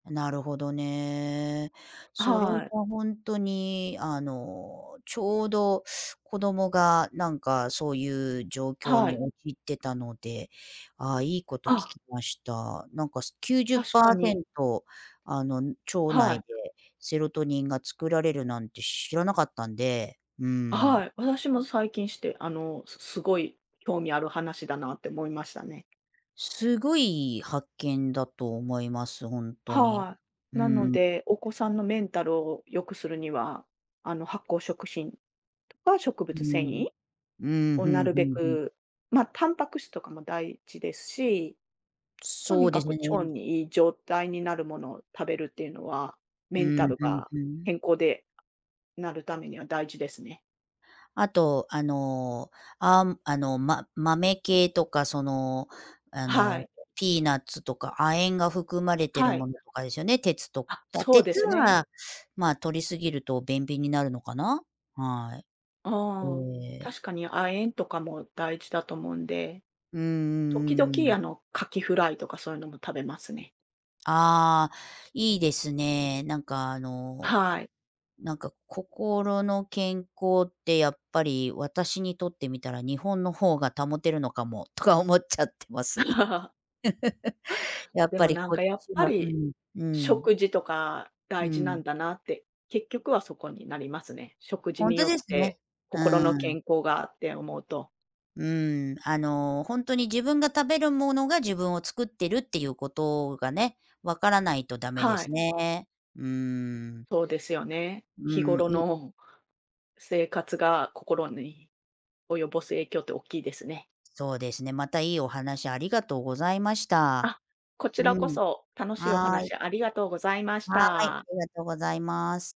なるほどね。それはい。はほんとに、あの、ちょうど子供が、なんか、そういう状況はにい。陥ってたので、ああ、いいこと聞あ。きました。なんか、すきゅうじゅっ確パかーセに。ントあの、ん、腸は内い。でセロトニンが作られるなんて知らなかったんで、うあ、ん。はい、私も最近知って、あの、すすごい興味ある話だなって思いましたね。すごい発見だと思います、ほんとに。はい、うなのん。で、お子さんのメンタルを良くするには、あの、発酵食品とか植うー物繊ん、維うん、をふん、なうるべん、ふん。く、ま、タンパク質とかも大事ですし、とそにうでかすく腸ね。に良い状態になるものを食べるっていうのは、うメンタん、ルふんがふん。健康でなるためには大事ですね。あと、あの、あ、むあの、ま豆系とかその、あはの、い。ピーナッツとか亜鉛が含まれてはるい。ものとかですよね、鉄と、あ、だそうで鉄すね。は、ま、摂りすぎると便秘になるのかな？はい。ああ、ええ。確かに亜鉛とかも大事だと思うんで。うん時うんうんう々、ん。あの、カキフライとかそういうのも食べますね。ああ、いいですね、なんか、あの、はい。なんか、心の健康ってやっぱり私にとってみたら「日本の方が保てるのかも」とか思っちゃってます。やっでぱも、りなんこっか、やっちぱはうり、ん、うん。食事とかう大事なん。んだなって、結局はそこになりますね。食事ほんにとよっですね。てう心のん。健康がって思うと。うん、あの、ほんとに自分が食べるものが自分を作ってるっていうことがね、分からないと駄目ではすい。ね。うーん。そうですよね、う日ん、頃いの生活が心に及ぼす影響っておっきいですね。そうですね、また良いお話ありがとうございました。あ、こちうらこん、そ、楽しいおはい。話ありがとうございましはい、あた。りがとうございます。